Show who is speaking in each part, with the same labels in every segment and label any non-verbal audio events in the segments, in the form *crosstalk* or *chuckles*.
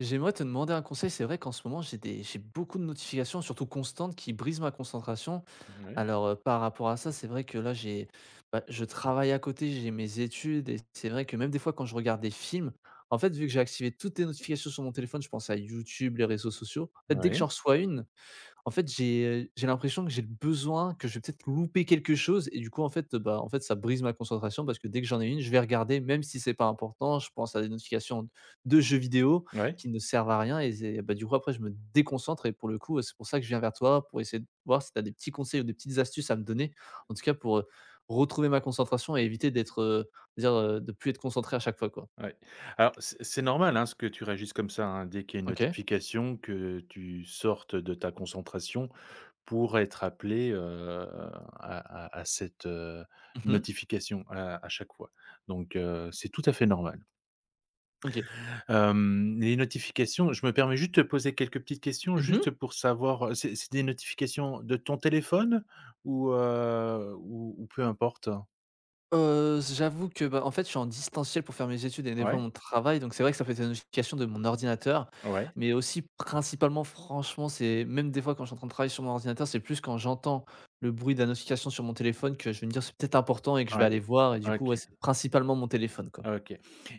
Speaker 1: J'aimerais te demander un conseil. C'est vrai qu'en ce moment j'ai des j'ai beaucoup de notifications surtout constantes qui brisent ma concentration.
Speaker 2: Oui.
Speaker 1: Alors, heu, par rapport à ça, c'est vrai que là j'ai ben je travaille à côté, j'ai mes études et c'est vrai que, même, des fois, quand je regarde des films, en fait, vu que j'ai activé toutes les notifications sur mon téléphone, je pense à YouTube, les réseaux sociaux. En fait, dès que j'en
Speaker 2: Oui.
Speaker 1: reçois une, en fait, j'ai j'ai l'impression que j'ai besoin, que je vais peut-être louper quelque chose et du coup, en fait, bah, en fait, bah, ça brise ma concentration parce que dès que j'en ai une, je vais regarder même si c'est pas important. Je pense à des notifications de jeux vidéo
Speaker 2: Ouais.
Speaker 1: qui ne servent à rien et c'est ben, du coup, après je me déconcentre et pour le coup, heu, c'est pour ça que je viens vers toi, pour essayer de voir si tu as des petits conseils ou des petites astuces à me donner en tout cas pour, heu, retrouver ma concentration et éviter d'être, heu, on va dire, heu, de plus être concentré à chaque fois, quoi.
Speaker 2: Ouais. Alors c'est c'est normal, hein, ce que tu réagisses comme ça, hein. Dès qu'il y a une
Speaker 1: OK.
Speaker 2: notification que tu sortes de ta concentration pour être appelé, heu, à à à cette, heu,
Speaker 1: Mmh mh.
Speaker 2: notification à à chaque fois donc heu, c'est tout à fait normal.
Speaker 1: OK.
Speaker 2: Hem, les notifications je me permets juste te poser quelques petites questions
Speaker 1: Mmh mh.
Speaker 2: juste pour savoir c'est c'est des notifications de ton téléphone ou heu, ou ou peu importe?
Speaker 1: Heu, j j'avoue que, bah, en fait je suis en distanciel pour faire mes études et des fois
Speaker 2: Ouais.
Speaker 1: mon travail, donc c'est vrai que ça fait des notifications de mon ordinateur,
Speaker 2: Ouais.
Speaker 1: mais aussi principalement franchement c'est même des fois quand je suis en train de travailler sur mon ordinateur, c'est plus quand j'entends le bruit de la notification sur mon téléphone que je vais me dire: «C'est peut être important» et que je vais
Speaker 2: Ouais,
Speaker 1: aller voir et du coup
Speaker 2: OK.
Speaker 1: ouais, c'est principalement mon téléphone quoi.
Speaker 2: OK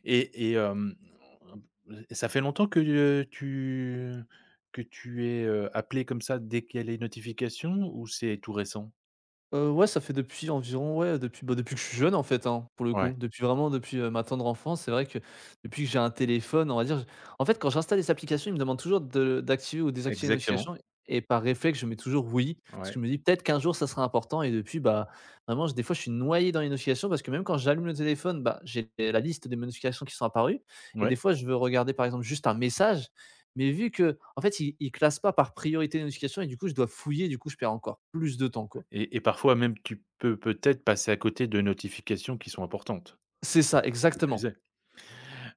Speaker 2: et et hem, et ça fait longtemps que tu, heu, tu que tu es, heu, appelé comme ça dès qu'il y a les notifications ou c'est tout récent?
Speaker 1: Heu, ouais, ça fait depuis environ ouais, depuis, bah, depuis que je suis jeune en faite hein, pour le coup,
Speaker 2: Ouais.
Speaker 1: depuis vraiment depuis ma tendre enfance. C'est vrai que depuis que j'ai un téléphone, on va dire je en fait quand j'installe des applications, ils me demandent toujours de d'activer ou désactiver les
Speaker 2: Exactement.
Speaker 1: notifications et par réflexe, je mets toujours «oui», parce que je
Speaker 2: Ouais.
Speaker 1: me dis: «Peut être qu'1 jour ça sera important» et depuis bah vraiment des fois je suis noyé dans les notifications. Parce que même quand j'allume le téléphone, bah j'ai la liste des notifications qui sont apparues et des
Speaker 2: Ouais.
Speaker 1: fois je veux regarder par exemple juste un message, mais vu qu'en fait, il il classe pas par priorité de notification et du coup, je dois fouiller du coup je perds encore plus de temps quoi.
Speaker 2: Et et parfois même tu peux peut être passer à côté de notifications qui sont importantes?
Speaker 1: C'est ça
Speaker 2: Qui plus
Speaker 1: exactement.
Speaker 2: est.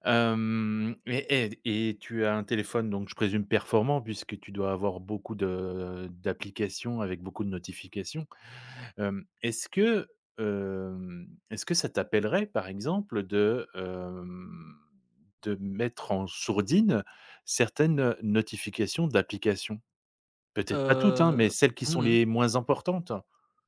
Speaker 2: Hem, et et d et tu as un téléphone donc je présume performant, puisque tu dois avoir beaucoup de d'applications avec beaucoup de notifications? Hem, est ce que, hem, est ce que ça t'appellerait par exemple de, hem, de mettre en sourdine certaines notifications d'applications? Peut être pas toutes hein, mais
Speaker 1: Heu,
Speaker 2: celles qui
Speaker 1: mmh
Speaker 2: sont
Speaker 1: mh.
Speaker 2: les moins importantes?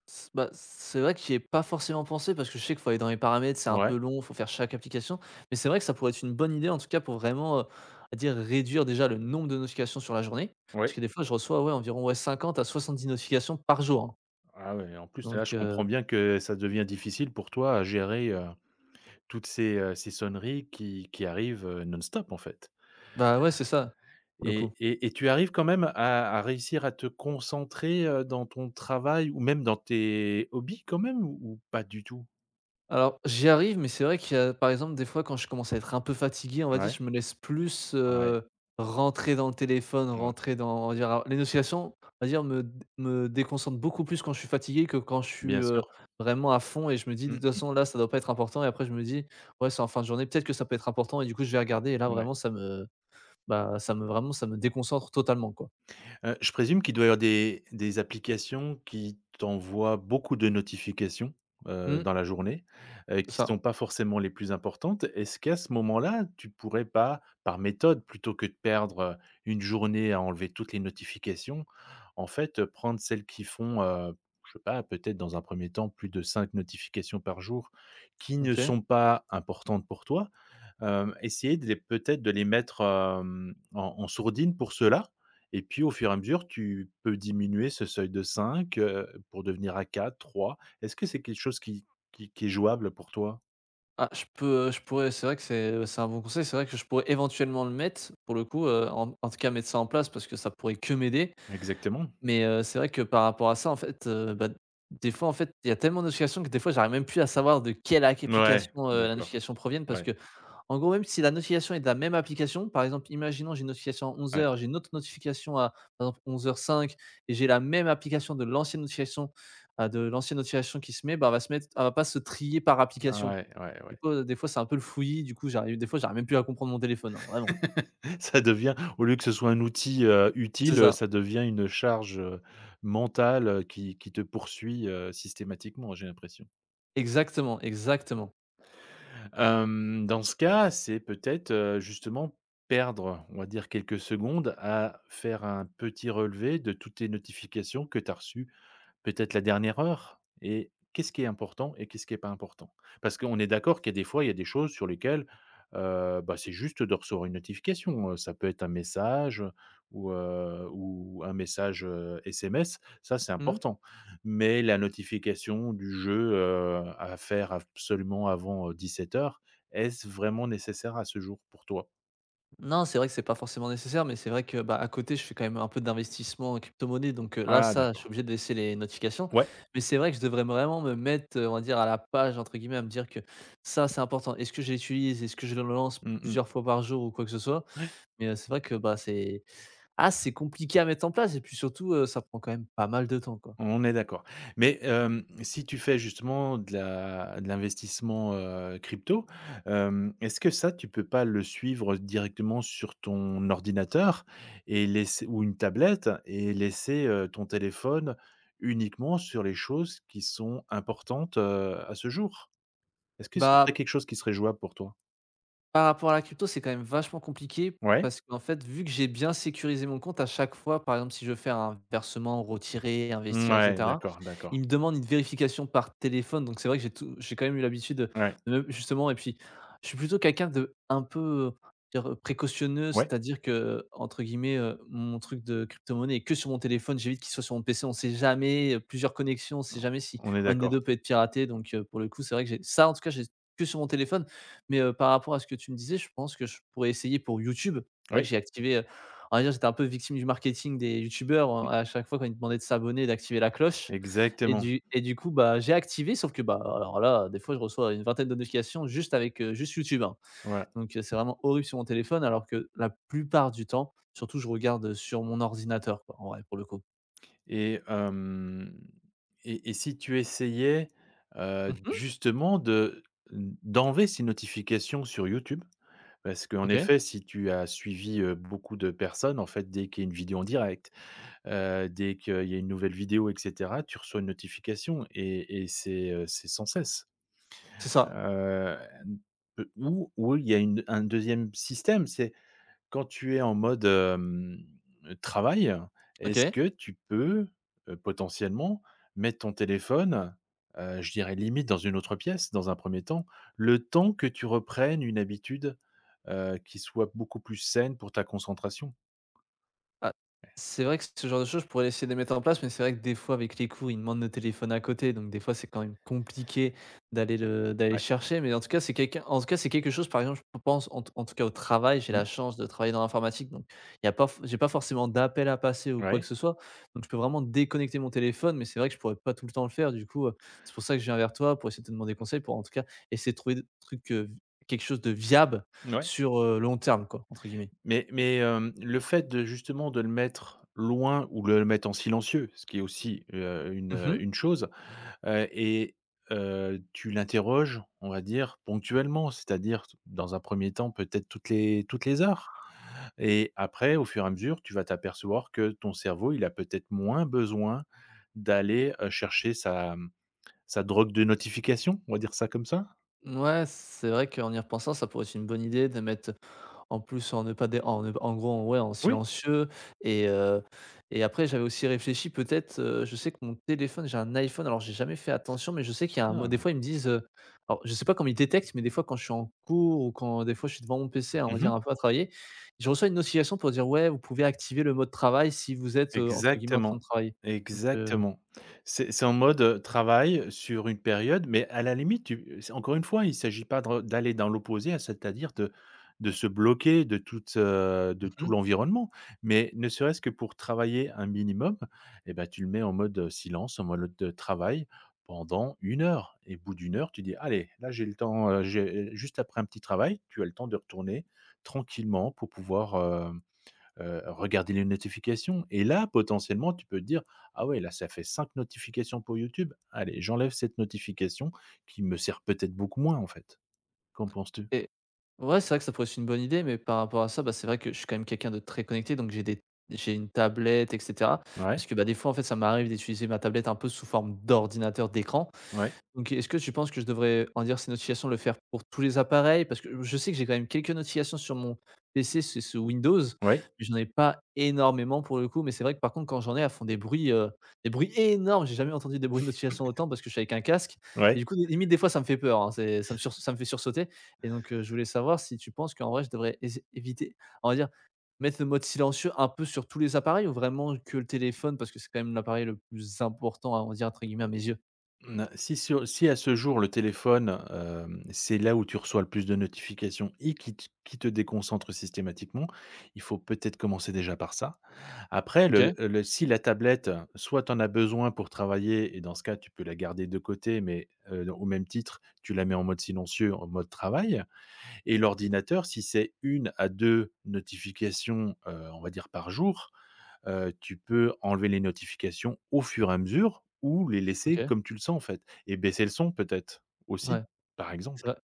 Speaker 1: S bah, c'est vrai que j'y ai pas forcément pensé parce que je sais qu'il faut aller dans les paramètres, c'est un peu
Speaker 2: Ouais.
Speaker 1: long, faut faire chaque application, mais c'est vrai que ça pourrait être une bonne idée en tout cas pour vraiment, heu, on va dire réduire déjà le nombre de notifications sur la journée, parce
Speaker 2: Oui.
Speaker 1: que des fois je reçois ouais environ ouais 50 à 70 notifications par jour hein.
Speaker 2: Ah ouais et en plus là, je
Speaker 1: Donc
Speaker 2: comprends
Speaker 1: heu
Speaker 2: bien que ça devient difficile pour toi à gérer, heu, toutes ces, heu, ces sonneries qui qui arrivent, heu, non-stop en fait.
Speaker 1: Bah ouais, c'est ça, pour le
Speaker 2: Et
Speaker 1: coup.
Speaker 2: et et tu arrives quand même à à réussir à te concentrer, heu, dans ton travail ou même dans tes hobbies quand même ou ou pas du tout?
Speaker 1: Alors, j'y arrive mais c'est vrai qu'il y a par exemple des fois quand je commence à être un peu fatigué, on va dire
Speaker 2: Ouais.
Speaker 1: je me laisse plus,
Speaker 2: Ouais.
Speaker 1: heu, rentrer dans le téléphone,
Speaker 2: Ouais.
Speaker 1: rentrer dans on va dire, heu les notifications on va dire me d me déconcentre beaucoup plus quand je suis fatigué que quand je suis,
Speaker 2: Bien
Speaker 1: heu,
Speaker 2: sûr.
Speaker 1: vraiment à fond et je me dis: «De
Speaker 2: Mmh
Speaker 1: toute
Speaker 2: mh.
Speaker 1: façon là, ça doit pas être important» et après je me dis: «Ouais, c'est en fin de journée, peut-être que ça peut être important» et du coup je vais regarder et là
Speaker 2: Mouais.
Speaker 1: vraiment ça me bah ça me vraiment, ça me déconcentre totalement quoi.
Speaker 2: Heu, je présume qu'il doit y avoir des des applications qui t'envoient beaucoup de notifications, heu,
Speaker 1: Mmh.
Speaker 2: dans la journée, heu,
Speaker 1: C'est
Speaker 2: qui
Speaker 1: ça.
Speaker 2: sont pas forcément les plus importantes. Est-ce qu'à ce moment-là, tu pourrais pas par méthode plutôt que de perdre, heu, 1 journée à enlever toutes les notifications, en fait, heu, prendre celles qui font, heu, je sais pas peut-être dans un 1er temps plus de 5 notifications par jour qui ne
Speaker 1: OK.
Speaker 2: sont pas importantes pour toi. Hem, essayer de les peut-être de les mettre, hem, en en sourdine pour ceux-là et puis au fur et à mesure, tu peux diminuer ce seuil de 5, heu, pour devenir à 4-3, est-ce que c'est quelque chose qui qui qui est jouable pour toi?
Speaker 1: Ah je peux, heu, je pourrais, c'est vrai que c'est, heu, c'est un bon conseil, c'est vrai que je pourrais éventuellement le mettre pour le coup, heu, en en tout cas mettre ça en place parce que ça pourrait que m'aider
Speaker 2: Exactement.
Speaker 1: mais heu, c'est vrai que par rapport à ça en fait, heu, bah des fois en fait, il y a tellement de notification que des fois j'arrive même plus à savoir de quelle ac
Speaker 2: Mouais,
Speaker 1: application, heu, la
Speaker 2: d'accord.
Speaker 1: notification proviennent. Parce
Speaker 2: Ouais.
Speaker 1: qu'en gros, même si la notification est de la même application, par exemple imaginons, j'ai une notification à onze
Speaker 2: Ouais.
Speaker 1: heures, j'ai une autre notification à, par exemple à 11:05 et j'ai la même application de l'ancienne notification, enfin, de l'ancienne notification qui se met ben va se mettre elle va pas se trier par application.
Speaker 2: Ouais, ouais,
Speaker 1: Du
Speaker 2: ouais.
Speaker 1: coup des fois c'est un peu le fouillis du coup j'arrive des fois j'arrive même plus à comprendre mon téléphone hein vraiment.
Speaker 2: *chuckles* Ça devient au lieu que ce soit un outil, heu,
Speaker 1: C'est
Speaker 2: utile, heu,
Speaker 1: ça.
Speaker 2: ça devient une charge, heu, mentale, heu, qui qui te poursuit, heu, systématiquement j'ai l'impression.
Speaker 1: Exactement, exactement.
Speaker 2: Hem, dans ce cas c'est peut-être, heu, justement perdre on va dire quelques secondes à faire un petit relevé de toutes les notifications que tu as reçu peut-être la dernière heure et qu'est-ce qui est important et qu'est-ce qui est pas important? Parce que on est d'accord qu'il y a des fois il y a des choses sur lesquelles, heu, bah c'est juste de recevoir une notification, heu, ça peut être un message, heu, ou, heu, ou un message, heu, SMS. Ça c'est
Speaker 1: Mmh?
Speaker 2: important mais la notification du jeu, heu, à faire absolument avant, heu, 17:00 heures, est-ce vraiment nécessaire à ce jour pour toi?
Speaker 1: N non, c'est vrai que c'est pas forcément nécessaire mais c'est vrai que ben, à côté je fais quand même un peu d'investissement en crypto monnaie donc heu, là
Speaker 2: Ah
Speaker 1: ça, je suis
Speaker 2: d'accord.
Speaker 1: obligé de laisser les notifications
Speaker 2: Ouais.
Speaker 1: mais c'est vrai que je devrais vraiment me mettre, heu, on va dire, «à la page» entre guillemets, à me dire que ça c'est important. Est-ce que je l'utilise? Est-ce que je le lance
Speaker 2: Mmh mh.
Speaker 1: plusieurs fois par jour ou quoi que ce soit?
Speaker 2: Ouais.
Speaker 1: Mais heu, c'est vrai que bah, c'est ah c'est compliqué à mettre en place et puis surtout, heu, ça prend quand même pas mal de temps, quoi.
Speaker 2: On est d'accord mais hem, si tu fais justement de la de l'investissement, heu, crypto, hem, est-ce que ça tu peux pas le suivre directement sur ton ordinateur? Et laisser ou une tablette? Et laisser, heu, ton téléphone uniquement sur les choses qui sont importantes, heu, à ce jour. Est-ce que ce serait
Speaker 1: Bah
Speaker 2: quelque chose qui serait jouable pour toi?
Speaker 1: par rapport à la crypto, c'est quand même vachement compliqué
Speaker 2: Ouais.
Speaker 1: parce qu'en fait, vu que j'ai bien sécurisé mon compte à chaque fois, par exemple, si je veux faire un versement, ou retirer, investir et
Speaker 2: Mouais,
Speaker 1: cetera,
Speaker 2: d'accord,
Speaker 1: ils
Speaker 2: d'accord.
Speaker 1: me demandent une vérification par téléphone donc c'est vrai que j'ai tout j'ai quand même eu l'habitude de,
Speaker 2: Ouais.
Speaker 1: même, justement et puis je suis plutôt quelqu'un de un peu, heu, on va dire précautionneux.
Speaker 2: Ouais.
Speaker 1: C'est-à-dire que, heu, entre guillemets, heu, mon truc de crypto monnaie est que sur mon téléphone, «j'évite» qu'il soit sur mon PC. On sait jamais, heu, plusieurs connexions, on sait
Speaker 2: On
Speaker 1: jamais si
Speaker 2: on est
Speaker 1: 1 des
Speaker 2: d'accord.
Speaker 1: 2 peut être piraté donc heu, pour le coup, c'est vrai que j'ai ce ça, en tout cas, j'ai que sur mon téléphone mais heu, par rapport à ce que tu me disais, je pense que je pourrais essayer pour YouTube. C'est vrai que
Speaker 2: Oui.
Speaker 1: j'ai activé, heu, on va dire j'étais un peu victime du marketing des youtubeurs,
Speaker 2: Mmh.
Speaker 1: heu et à chaque fois quand ils demandaient de s'abonner et d'activer la cloche et
Speaker 2: Exactement.
Speaker 1: du et du coup, bah, j'ai activé sauf que, bah, alors là, des fois je reçois une vingtaine de notifications juste avec, heu, juste YouTube, hein,
Speaker 2: Ouais.
Speaker 1: donc heu, c'est vraiment horrible sur mon téléphone alors que la plupart du temps, surtout je regarde, heu, sur mon ordinateur, quoi, en vrai, pour le coup.
Speaker 2: Et hem et et si tu essayais, heu,
Speaker 1: Mmh mh.
Speaker 2: justement de d d'enlever ces notifications sur YouTube? Parce qu'en
Speaker 1: OK.
Speaker 2: effet si tu as suivi beaucoup de personnes, en fait, dès qu'il y a une vidéo en direct, heu, dès qu'il y a une nouvelle vidéo et cetera, tu reçois une notification et et c'est, heu, c'est sans cesse.
Speaker 1: C'est ça.
Speaker 2: Heu, ou ou il y a une un 2e système, c'est quand tu es en mode, hem, travail, est-ce
Speaker 1: OK.
Speaker 2: que tu peux, potentiellement, mettre ton téléphone, heu, je dirais limite dans une autre pièce, dans un 1er temps, le temps que tu reprennes une habitude, heu, qui soit beaucoup plus saine pour ta concentration?
Speaker 1: Ah, c'est vrai que ce genre de choses, je pourrais essayer de les mettre en place mais c'est vrai que des fois, avec les cours, ils demandent le téléphone à côté donc, des fois, c'est quand même compliqué d'aller le d'aller le
Speaker 2: Ouais.
Speaker 1: chercher, mais en tout cas, c'est quelqu'un en tout cas, c'est quelque chose, par exemple je pense, en tout cas en tout cas, au travail, j'ai la
Speaker 2: Mmh.
Speaker 1: chance de travailler dans l'informatique donc il y a pas f j'ai pas forcément d'appel à passer ou quoi que
Speaker 2: Ouais.
Speaker 1: ce soit donc je peux vraiment déconnecter mon téléphone mais c'est vrai que je pourrais pas tout le temps le faire du coup. Heu, c'est pour ça que je viens vers toi pour essayer de te demander
Speaker 2: Mmh.
Speaker 1: conseils pour, en tout cas, essayer de trouver des trucs, heu, v quelque chose de viable
Speaker 2: Mouais.
Speaker 1: sur, heu, «long terme», quoi, entre guillemets.
Speaker 2: Mais mais hem, le fait de, justement, de le mettre loin ou de le mettre en silencieux, ce qui est aussi, heu, une,
Speaker 1: Mmh
Speaker 2: heu,
Speaker 1: mh.
Speaker 2: une chose, heu et heu, tu l'interroges, on va dire ponctuellement. C'est-à-dire dans un 1er temps peut-être toutes les toutes les heures et après au fur et à mesure, tu vas t'apercevoir que ton cerveau, il a peut-être moins besoin d'aller, heu, chercher sa, mmh, sa drogue de notification, on va dire ça comme ça.
Speaker 1: Ouais, c'est vrai qu'en y repensant, ça pourrait être une bonne idée de mettre en plus en ne pas dé en ne pas en gros, ouais, en
Speaker 2: Oui.
Speaker 1: silencieux et heu et après j'avais aussi réfléchi, peut-être, heu, je sais que mon téléphone j'ai un iPhone. Alors j'ai jamais fait attention, mais je sais qu'il y a un mode des
Speaker 2: Non.
Speaker 1: fois ils me disent, heu alors je sais pas comment ils détectent, mais, des fois, quand je suis en cours ou quand, des fois, je suis devant mon PC, on va
Speaker 2: Mmh
Speaker 1: dire,
Speaker 2: mh.
Speaker 1: un peu à travailler, je reçois une notification pour dire, ouais: «Vous pouvez activer le mode travail si vous êtes, heu, entre guillemets, "en train
Speaker 2: Exactement,
Speaker 1: de travailler"», donc heu
Speaker 2: exactement. C'est c'est en mode, heu, travail sur une période mais à la limite tu c'est encore une fois il s'agit pas de re d'aller dans l'opposé, c'est à dire de de se bloquer de toute, heu, de
Speaker 1: Mmh
Speaker 2: tout
Speaker 1: mh.
Speaker 2: l'environnement mais ne serait ce que pour travailler un minimum et bah, tu le mets en mode, heu, silence en mode le de travail pendant 1 heure et au bout d'1 heure tu dis: «Allez, là j'ai le temps, heu, j'ai» juste après un petit travail, tu as le temps de retourner tranquillement pour pouvoir, heu heu, regarder les notifications et là potentiellement tu peux dire: «Ah ouais là ça fait 5 notifications pour YouTube, allez, j'enlève cette notification qui me sert, peut être, beaucoup moins, en fait». Qu'en penses tu?
Speaker 1: Et ouais, c'est vrai que ça pourrait être une bonne idée, mais par rapport à ça, bah, c'est vrai que je suis quand même quelqu'un de très connecté donc j'ai des j'ai une tablette et cetera. Parce
Speaker 2: Ouais.
Speaker 1: que, bah, des fois, en fait, ça m'arrive d'utiliser ma tablette un peu sous forme d'ordinateur, d'écran,
Speaker 2: Ouais.
Speaker 1: donc est-ce que tu penses que je devrais réduire ces notifications, le faire pour tous les appareils parce que je sais que j'ai quand même quelques notifications sur mon PC, c'est sous Windows
Speaker 2: Ouais.
Speaker 1: mais j'en ai pas énormément pour le coup mais c'est vrai que, par contre, quand j'en ai, elles font des bruits, heu, des bruits énormes! J'ai jamais entendu des bruits de notifications
Speaker 2: *chuckles*
Speaker 1: autant parce que je suis avec un casque et
Speaker 2: Ouais.
Speaker 1: du coup, limite des fois ça me fait peur, hein, c'est ça me surs ça me fait sursauter et donc heu, je voulais savoir si tu penses qu'en vrai je devrais ess éviter, on va dire, mettre le mode silencieux, un peu sur tous les appareils ou vraiment que le téléphone, parce que c'est quand même l'appareil le plus «important», on va dire, entre guillemets à mes yeux?
Speaker 2: Ne si si au si à ce jour, le téléphone, hem, c'est là où tu reçois le plus de notification et qui t qui te déconcentre systématiquement, il faut peut-être commencer, déjà, par ça. Après le
Speaker 1: OK.
Speaker 2: le si la tablette, soit tu en as besoin pour travailler et dans ce cas tu peux la garder de côté mais heu, au même titre, tu la mets en mode silencieux, en mode travail et l'ordinateur si c'est 1 à 2 notifications, heu, on va dire par jour, heu, tu peux enlever les notifications au fur et à mesure ou les laisser
Speaker 1: OK.
Speaker 2: comme tu le sens, en fait et baisser le son, peut-être,
Speaker 1: Ouais,
Speaker 2: aussi, par exemple?
Speaker 1: ça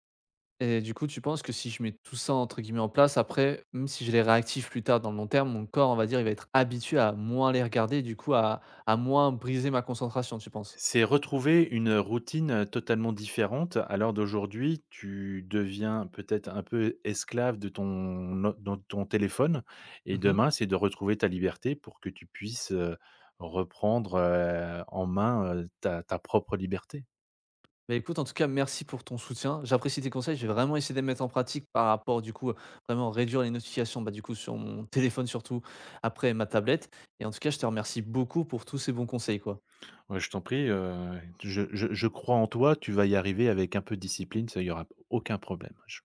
Speaker 1: et du coup, tu penses que si je mets tout ça entre guillemets «en place», après, même si je les réactives plus tard, dans le long terme, mon corps, on va dire, il va être habitué à moins les regarder et du coup, à à moins briser ma concentration, tu penses?
Speaker 2: C'est retrouver une routine, heu, totalement différente. À l'heure d'aujourd'hui, tu deviens peut-être un peu esclave de ton o de ton téléphone et
Speaker 1: Mmh mh.
Speaker 2: demain c'est de retrouver ta liberté pour que tu puisses, heu, reprendre, heu, en main, heu, ta ta propre liberté.
Speaker 1: Beh, écoute, en tout cas, merci pour ton soutien. J'apprécie tes conseils, je vais vraiment essayer de les mettre en pratique par rapport, du coup, à vraiment réduire les notifications, bah, du coup, sur mon téléphone surtout, après ma tablette et en tout cas, je te remercie beaucoup pour tous ces bons conseils, quoi.
Speaker 2: Ouais, je t'en prie, heu et je je je crois en toi, tu vas y arriver avec un peu de discipline, ça, il y aura aucun problème, je